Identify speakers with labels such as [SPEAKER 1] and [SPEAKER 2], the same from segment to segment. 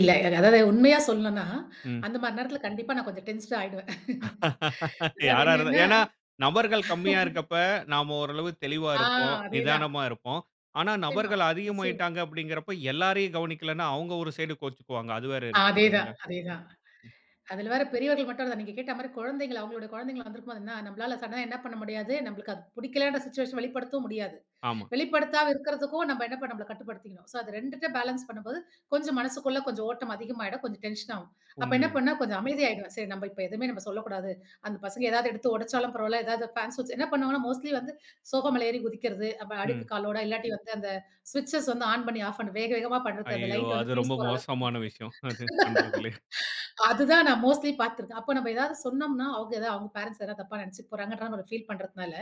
[SPEAKER 1] இல்ல அதாவது உண்மையா சொல்லணும்னா
[SPEAKER 2] ம்.
[SPEAKER 1] அந்த மாரி நேரத்துல கண்டிப்பா நான் கொஞ்சம் டென்ஷனா ஆய்டுவேன். அதாது
[SPEAKER 2] யார இருந்தா
[SPEAKER 1] என்னன்னா
[SPEAKER 2] ஏன்னா, நபர்கள் கம்மியா இருக்கப்ப. நாம ஓரளவு தெளிவா
[SPEAKER 1] ஆ
[SPEAKER 2] இருப்போம்.
[SPEAKER 1] அதேதான்.
[SPEAKER 2] நிதானமா இருப்போம். ஆனா,
[SPEAKER 1] நிச்சயமா,
[SPEAKER 2] நபர்கள்
[SPEAKER 1] நிச்சயமா.
[SPEAKER 2] அதிகமாகிட்டாங்க அப்படிங்கிறப்ப, எல்லாரையும் கவனிக்கலன்னா அவங்க ஒரு சைட் கோவிச்சுக்குவாங்க. அது வேற இருக்கு
[SPEAKER 1] அதேதான்
[SPEAKER 2] இல்லைங்களா?
[SPEAKER 1] அதேதான் அதுல வேற பெரியவர்கள் மட்டும் இல்ல நீங்க கேட்ட மாதிரி குழந்தைங்கள் அவங்களோட குழந்தைங்களாம் வந்துருக்கும்போது என்னா நம்மளால சடனா என்ன பண்ண முடியாது. நம்ளுக்கு அது புடிக்கலன்ற சிச்சுவேஷன் வெளிப்படுத்தவும் முடியாது.
[SPEAKER 2] ஆமா.
[SPEAKER 1] வெளிப்படுத்தாம இருக்கிறதுக்கும், நம்ப என்ன பண் நம்பள கட்டுப்படுத்திக்கணும். ஸோ அது 2 த்த பேலன்ஸ் பண்ணும்போது கொஞ்சம் மனசுக்குள்ள கொஞ்சம் ஓட்டம் அதிகமாயிடும். கொஞ்சம் டென்ஷன் ஆகும். அப்ப என்ன
[SPEAKER 2] உண்மையா.
[SPEAKER 1] பண்ண, கொஞ்சம் அமைதியாயிடுவேன். சரி நம்ப இப்ப எதுவுமே நம்ம சொல்லக்கூடாது. அந்த பசங்க எதாவது எடுத்து ஒடச்சாலும் பரவால்ல. எதாவது ஃபேன்ஸ் ஸ்விட்ச் என்ன பண்ணுவாங்கன்னா மோஸ்ட்லி வந்து, சோபா மேல ஏறி குதிக்கறது. அப்ப
[SPEAKER 2] ம்.
[SPEAKER 1] அழுக்கு காலோட இல்லாட்டி வந்து அந்த ஸ்விட்சஸ் வந்து ஆன் பண்ணி ஆஃப் பண்ண வேகவேகமா பண்றது அந்த
[SPEAKER 2] ஐயயோ!
[SPEAKER 1] லைட்
[SPEAKER 2] அது
[SPEAKER 1] வந்து
[SPEAKER 2] ரொம்ப
[SPEAKER 1] பியூஸ் போற அளவுக்கு.
[SPEAKER 2] மோசமான விஷயம். அது பண்றதுலயே.
[SPEAKER 1] அதுதான் நான் மோஸ்ட்லி பாத்துருக்கேன். அப்ப நம்ம ஏதாவது சொன்னம்னா, அவங்க எதா அவங்க பேரன்ட்ஸ் எதா தப்பா நெனைச்சுக்க போறாங்கன்ற [unintelligible] ஃபீல் பண்றதனால.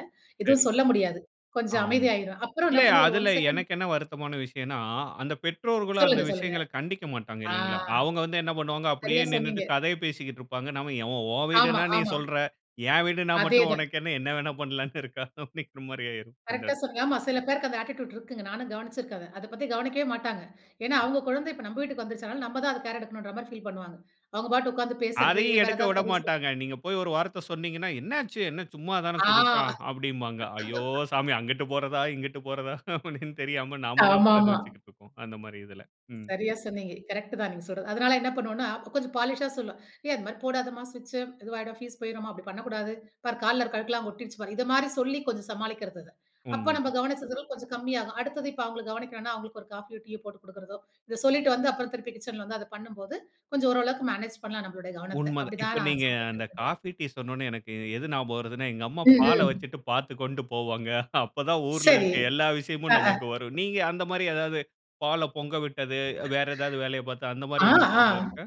[SPEAKER 2] சரி.
[SPEAKER 1] எதுவும் சொல்ல முடியாது. கொஞ்சம்
[SPEAKER 2] ஆமா.
[SPEAKER 1] அமைதியாயிருவேன். அப்பறம் என்ன
[SPEAKER 2] இல்ல
[SPEAKER 1] பண்ணுவேன். ஒரு 1
[SPEAKER 2] அதுல
[SPEAKER 1] செகண்ட்
[SPEAKER 2] எனக்கு என்ன வருத்தமான விஷயன்னா, அந்த பெற்றோர்களும் அந்த
[SPEAKER 1] சொல்லுங்க, சொல்லுங்க.
[SPEAKER 2] விஷயங்கள கண்டிக்க மாட்டாங்க,
[SPEAKER 1] ஆ!
[SPEAKER 2] இல்லைங்களா? அவங்க வந்து என்ன பண்ணுவாங்க, அப்படியே
[SPEAKER 1] சரியா
[SPEAKER 2] நின்னுட்டு
[SPEAKER 1] சொன்னீங்க.
[SPEAKER 2] கதைய பேசிக்கிட்டு இருப்பாங்க. நம்ம எவ உன்
[SPEAKER 1] ஆமா,
[SPEAKER 2] வீடுன்னா நீ
[SPEAKER 1] ஆமா.
[SPEAKER 2] சொல்றா. என் வீடுன்னா
[SPEAKER 1] அதே
[SPEAKER 2] மட்டும்
[SPEAKER 1] தான்.
[SPEAKER 2] உனக்கு என்ன என்ன வேணா பண்ணலாம்ன்னு இருக்கா அப்படிங்கிற மாரி ஆயிரும். அந்த
[SPEAKER 1] கரெக்ட்‌டா
[SPEAKER 2] இடத்துல.
[SPEAKER 1] சொன்ன ஆமா சில பேர்க்கு அந்த அட்டிட்யூட் இருக்குங்க. நானும் கவனிச்சிருக்கேன் அத. அத பத்தி கவனிக்கவே மாட்டாங்க. ஏன்னா,
[SPEAKER 2] ஆம்.
[SPEAKER 1] அவங்க குழந்தை இப்ப நம்ம வீட்டுக்கு வந்துருச்சு, அதுனால நம்ம தான் அது கேர் எடுக்கணும்ன்ற மாதிரி ஃபீல் பண்ணுவாங்க. அவங்க பாட்டுக்கு உட்கார்ந்து பேசுறது,
[SPEAKER 2] அதையும்
[SPEAKER 1] வேற
[SPEAKER 2] எடுக்க
[SPEAKER 1] ஏதாவது கத சொ
[SPEAKER 2] விடமாட்டாங்க. நீங்க போய் ஒரு வார்த்த சொன்னீங்கன்னா. "என்ன ஆச்சு! என்ன சும்மா தான குதிதச்சான்"
[SPEAKER 1] ஆ!
[SPEAKER 2] அப்டிம்பாங்க. ஐயோ சாமி! அங்கிட்டு போறாதா, இங்கிட்டு போறதா அப்படின்னு தெரியாம நாம தான்
[SPEAKER 1] ஆமாமா.
[SPEAKER 2] பரிதவிச்சுட்டு இருப்போம். அந்த மாதிரி இதுல. ம்.
[SPEAKER 1] சரியா சொன்னீங்க. கரெக்ட் தான் நீங்க சொல்றது. அதனால என்ன பண்ணுவன்னா, கொஞ்சம் பாலிஷா சொல்லுவேன், "ஏய், அது மாதிரி போடாதம்மா, ஸ்விட்ச் இதுவாயிடும் ஃபீஸ் போயிடும்மா. அப்படி பண்ணக்கூடாது, பாரு கால்ல இருக்கழுக்கெல்லாங் ஒட்டிருச்சு பாரு!" இது மாதிரி சொல்லி கொஞ்சம் சமாளிக்கிறது அத. அப்ப நம்ம
[SPEAKER 2] உண்மதான்.
[SPEAKER 1] கவனிச்சதுல கொஞ்சம் கம்மியாகும். அடுத்தது இப்ப அவங்கள கவனிக்கணும்னா அவங்களுக்கு ஒரு காஃபியோ டீயோ போட்டு கொடுக்கிறதோ, இத சொல்லிட்டு வந்து அப்றம் திருப்பி கிட்சன்ல வந்து அத பண்ணும்போது கொஞ்சம் ஓரளவுக்கு மேனேஜ் பண்ணலாம் நம்மளோடைய கவனத்த.
[SPEAKER 2] உண்ம தான்
[SPEAKER 1] அப்டி
[SPEAKER 2] இப்ப
[SPEAKER 1] தான் நான்
[SPEAKER 2] நீங்க அந்த
[SPEAKER 1] சமைக்கிறதுங்க.
[SPEAKER 2] காஃபி, டீ சொன்னோன்ன, எனக்கு எது ஞாபகம் வருதுன்னா. எங்க அம்மா
[SPEAKER 1] ம்,
[SPEAKER 2] பால
[SPEAKER 1] ம்.
[SPEAKER 2] வெச்சுட்டு பார்த்துக்கோன்ட்டு போவாங்க. அப்ப தான் ஊருல
[SPEAKER 1] சரி,
[SPEAKER 2] இருக்க எல்லா
[SPEAKER 1] அ,
[SPEAKER 2] விஷயமும்
[SPEAKER 1] அ.
[SPEAKER 2] நமக்கு வரும். நீங்க அந்த மாதிரி எதாவது, பால பொங்க விட்டது, வ் வேற எதாவது வேலைய பார்த்து அந்த
[SPEAKER 1] அ,
[SPEAKER 2] மாதிரி உங்களுக்கு அனுபவம்
[SPEAKER 1] அ.
[SPEAKER 2] இருக்கா?